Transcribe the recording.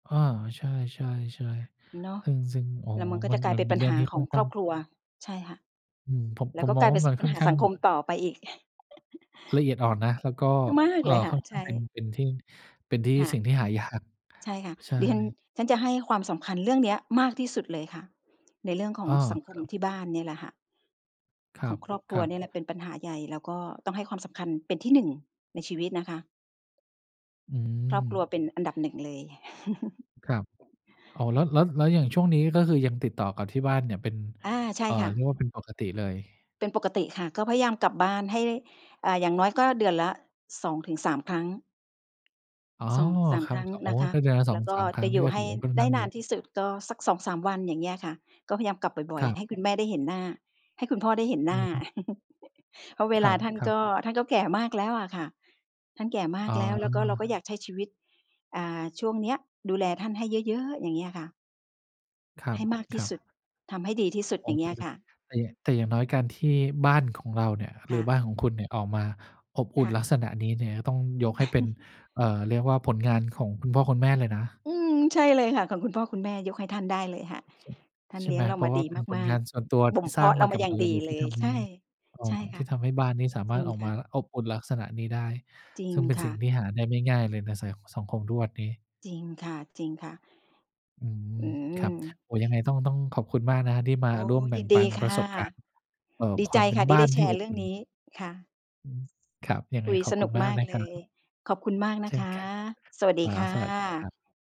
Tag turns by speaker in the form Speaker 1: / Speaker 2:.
Speaker 1: อ้อ ใช่
Speaker 2: เ
Speaker 1: ๆ
Speaker 2: นาะ
Speaker 1: ๆ เอาจริง ๆ โอ้
Speaker 2: แล้
Speaker 1: โ
Speaker 2: ว
Speaker 1: ฮ
Speaker 2: มันก็
Speaker 1: ม
Speaker 2: จ
Speaker 1: ั
Speaker 2: ะ
Speaker 1: น
Speaker 2: กลา
Speaker 1: ม
Speaker 2: ย
Speaker 1: ั
Speaker 2: เ
Speaker 1: น
Speaker 2: ป็น
Speaker 1: เป
Speaker 2: ป
Speaker 1: ็น
Speaker 2: ัญ
Speaker 1: เรื่
Speaker 2: ห
Speaker 1: อง
Speaker 2: า
Speaker 1: ที่
Speaker 2: ข
Speaker 1: ค่
Speaker 2: อ
Speaker 1: อ
Speaker 2: ง
Speaker 1: นข
Speaker 2: ค
Speaker 1: ้
Speaker 2: ร
Speaker 1: า
Speaker 2: อ
Speaker 1: ง
Speaker 2: บครัว ใช่ค่ะ
Speaker 1: อืม ผม
Speaker 2: แล
Speaker 1: ผ
Speaker 2: ้ว
Speaker 1: ม
Speaker 2: ก็
Speaker 1: ม
Speaker 2: ก
Speaker 1: อง
Speaker 2: ลาย
Speaker 1: ว
Speaker 2: เ
Speaker 1: ่
Speaker 2: ป็
Speaker 1: า
Speaker 2: น ส
Speaker 1: มัน
Speaker 2: ป
Speaker 1: ค
Speaker 2: ัญ
Speaker 1: ่อ
Speaker 2: ห
Speaker 1: น
Speaker 2: า
Speaker 1: ข้า
Speaker 2: ส
Speaker 1: ง
Speaker 2: ังคมต่อไปอีก
Speaker 1: ละเอียดอ่อนนะ แล้วก็
Speaker 2: มาก
Speaker 1: เอ่
Speaker 2: เ
Speaker 1: อ
Speaker 2: ลยค่
Speaker 1: ค
Speaker 2: ะ
Speaker 1: ่อนข
Speaker 2: ใช
Speaker 1: ้างเป็น
Speaker 2: ่
Speaker 1: เป็นที่ เป็นที่
Speaker 2: ค่ะ
Speaker 1: สิ่งที่หายาก
Speaker 2: ใช่ค่ะ
Speaker 1: ใช่
Speaker 2: ดิฉัน ฉันจะให้ความสำคัญเรื่องเนี้ยมากที่สุดเลยค่ะ ในเรื่องขอ
Speaker 1: อ
Speaker 2: ง
Speaker 1: ้อ
Speaker 2: สังค
Speaker 1: ค
Speaker 2: ม
Speaker 1: รับ
Speaker 2: ที่บ้านเนี่ยแหละค่ะ
Speaker 1: ค
Speaker 2: ของครอบครั
Speaker 1: ร
Speaker 2: ว
Speaker 1: ับ
Speaker 2: เนี่ยแ
Speaker 1: ๆ
Speaker 2: หละเป็นปัญหาใหญ่ แล้วก็ต้องให้ความสำคัญเป็นที่ 1 ในชีวิตนะคะ
Speaker 1: อื
Speaker 2: ครอบครัวเป
Speaker 1: ม
Speaker 2: ็นอันดับ 1 เลย
Speaker 1: ครับ อ๋อ แล้ว แล้ว แล้วอย่างช่วงนี้ ก็คือยังติดต่อกับที่บ้านเนี่ย เป็น
Speaker 2: อา ใช
Speaker 1: เ
Speaker 2: ่
Speaker 1: อ่อ
Speaker 2: ค่
Speaker 1: เรี
Speaker 2: ะ
Speaker 1: ยกว่าเป็นปกติเลย
Speaker 2: เป็นปกติค่ะ ก็พยายามกลับบ้านให้ อา อย่างน้อยก็เดือนละ 2-3 ครั้ง
Speaker 1: อ๋อ
Speaker 2: 2-3
Speaker 1: คร
Speaker 2: ค
Speaker 1: ั
Speaker 2: ร
Speaker 1: บ
Speaker 2: ั้ง
Speaker 1: ๆ อ๋
Speaker 2: น
Speaker 1: อ
Speaker 2: ะคะ
Speaker 1: ถ้าเดือนละ ส
Speaker 2: แ
Speaker 1: อ
Speaker 2: ล้
Speaker 1: ง
Speaker 2: วก็
Speaker 1: สาม คร
Speaker 2: จ
Speaker 1: ั้
Speaker 2: ะ
Speaker 1: ง
Speaker 2: อ
Speaker 1: น
Speaker 2: ย
Speaker 1: ี่
Speaker 2: ู่
Speaker 1: ก็
Speaker 2: ให
Speaker 1: ถ
Speaker 2: ้
Speaker 1: ือว่าค่อน
Speaker 2: ได
Speaker 1: ข
Speaker 2: ้
Speaker 1: ้าง
Speaker 2: น
Speaker 1: เย
Speaker 2: า
Speaker 1: อ
Speaker 2: น
Speaker 1: ะ
Speaker 2: ที่สุด ก็สัก 2-3 วัน อย่างเงี้ยค่ะ ก็พยายามกลับบ่อย
Speaker 1: ครับ
Speaker 2: ๆ ให้คุณแม่ได้เห็นหน้า ให้คุณพ่อได้เห็นห
Speaker 1: อ
Speaker 2: น
Speaker 1: ื
Speaker 2: ้า
Speaker 1: อฮึ
Speaker 2: เพราะเว
Speaker 1: ค
Speaker 2: ล
Speaker 1: ร
Speaker 2: าท่าน
Speaker 1: ั
Speaker 2: ก
Speaker 1: บ ๆ
Speaker 2: ็ ท่านก็แก่มากแล้วอะค่ะ ท่านแก่มา
Speaker 1: อ๋
Speaker 2: ก
Speaker 1: อ
Speaker 2: แล้ว แล้วก็เราก็อยากใช้ชีวิต อ่า ช่วงเนี้ย ดูแลท่านให้เยอะ ๆ อย่างเงี้ยค่ะ
Speaker 1: คร
Speaker 2: ให้มากที่
Speaker 1: ับ
Speaker 2: สุ
Speaker 1: ๆ
Speaker 2: ด ทำให้ดีที่สุด อย่างเงี้ยค่ะ
Speaker 1: [unintelligible] แต่อย่าง แต่อย่างน้อยการที่บ้านของเราเนี่ย
Speaker 2: ค
Speaker 1: หร
Speaker 2: ่
Speaker 1: ือ
Speaker 2: ะ
Speaker 1: บ้านของคุณเนี่ยออกมาอบอ
Speaker 2: ค
Speaker 1: ุ่น
Speaker 2: ่ะ
Speaker 1: ลักษณะนี้เนี่ย ต้องยกให้เป็น เอ่อ เรียกว่าผลงานของคุณพ่อคุณแม่เลยนะ
Speaker 2: อืม ใช่เลยค่ะ ของคุณพ่อคุณแม่ ยกให้ท่านได้เลยค่ะ
Speaker 1: ช
Speaker 2: ท่าน
Speaker 1: ใช
Speaker 2: เ
Speaker 1: ่
Speaker 2: ลี้
Speaker 1: ไ
Speaker 2: ย
Speaker 1: หม
Speaker 2: งเรา
Speaker 1: เพร
Speaker 2: ม
Speaker 1: า
Speaker 2: า
Speaker 1: ะว
Speaker 2: ด
Speaker 1: ่
Speaker 2: ี
Speaker 1: าเป็นผ
Speaker 2: มา
Speaker 1: ลง
Speaker 2: ก
Speaker 1: านส่วนตัว
Speaker 2: ๆ บ
Speaker 1: ท
Speaker 2: ่
Speaker 1: ี
Speaker 2: ม
Speaker 1: ่
Speaker 2: เพ
Speaker 1: สร้
Speaker 2: า
Speaker 1: าง
Speaker 2: ะเรา
Speaker 1: มา
Speaker 2: ม
Speaker 1: ก
Speaker 2: า
Speaker 1: ับ
Speaker 2: อย่า
Speaker 1: ม
Speaker 2: ง
Speaker 1: ื
Speaker 2: ด
Speaker 1: อ
Speaker 2: ี
Speaker 1: เลย
Speaker 2: เล
Speaker 1: ที่
Speaker 2: ย
Speaker 1: ทำใ
Speaker 2: ใ
Speaker 1: ห
Speaker 2: ช
Speaker 1: ้
Speaker 2: ่
Speaker 1: เอ่
Speaker 2: ใช่
Speaker 1: อ
Speaker 2: ค
Speaker 1: ท
Speaker 2: ่ะ
Speaker 1: ี่ทำให้บ้านนี้สาม
Speaker 2: จร
Speaker 1: า
Speaker 2: ิ
Speaker 1: รถ
Speaker 2: ง
Speaker 1: ออก
Speaker 2: ค
Speaker 1: ม
Speaker 2: ่
Speaker 1: า
Speaker 2: ะ
Speaker 1: แล้วอบอุ่นลักษณะนี้ได้
Speaker 2: จริ
Speaker 1: ซ
Speaker 2: ง
Speaker 1: ึ่งเป็น
Speaker 2: ค
Speaker 1: ส
Speaker 2: ่
Speaker 1: ิ่ง
Speaker 2: ะ
Speaker 1: ที่หาได้ไม่ง่ายเลยใน ส สังคมทุกวันนี้
Speaker 2: จริงค่ะ จริงค่ะ
Speaker 1: อืม
Speaker 2: อื
Speaker 1: ครับ
Speaker 2: ม
Speaker 1: โอ้ ยังไงต้อง ต้องขอบคุณมากนะครับ ที่ม
Speaker 2: อ
Speaker 1: า
Speaker 2: ๋อ
Speaker 1: ร่วมแบ
Speaker 2: ย
Speaker 1: ่
Speaker 2: ิ
Speaker 1: ง
Speaker 2: นด
Speaker 1: ปั
Speaker 2: ี
Speaker 1: น
Speaker 2: ค
Speaker 1: ประ
Speaker 2: ่ะ
Speaker 1: สบการณ์ เอ่อ
Speaker 2: ดี
Speaker 1: ค
Speaker 2: ใ
Speaker 1: ว
Speaker 2: จ
Speaker 1: ามเป็
Speaker 2: ค
Speaker 1: น
Speaker 2: ่ะที
Speaker 1: บ
Speaker 2: ่
Speaker 1: ้า
Speaker 2: ได้
Speaker 1: น
Speaker 2: แช
Speaker 1: ที่
Speaker 2: ร
Speaker 1: อ
Speaker 2: ์เ
Speaker 1: บ
Speaker 2: รื่อ
Speaker 1: อ
Speaker 2: ง
Speaker 1: ุ่น
Speaker 2: นี้ ค่ะ
Speaker 1: อืม ครับ ยัง
Speaker 2: ค
Speaker 1: ไง
Speaker 2: ุย
Speaker 1: ขอ
Speaker 2: ส
Speaker 1: บค
Speaker 2: น
Speaker 1: ุ
Speaker 2: ุ
Speaker 1: ณ
Speaker 2: ก
Speaker 1: มา
Speaker 2: ม
Speaker 1: ก
Speaker 2: าก
Speaker 1: นะ
Speaker 2: เ
Speaker 1: ค
Speaker 2: ล
Speaker 1: รั
Speaker 2: ย
Speaker 1: บ
Speaker 2: ขอบคุณมากน
Speaker 1: เช
Speaker 2: ะ
Speaker 1: ่
Speaker 2: ค
Speaker 1: น
Speaker 2: ะ
Speaker 1: กัน
Speaker 2: สวัส
Speaker 1: ค
Speaker 2: ดี
Speaker 1: รั
Speaker 2: ค
Speaker 1: บ
Speaker 2: ่ะ
Speaker 1: สวัสดีครับ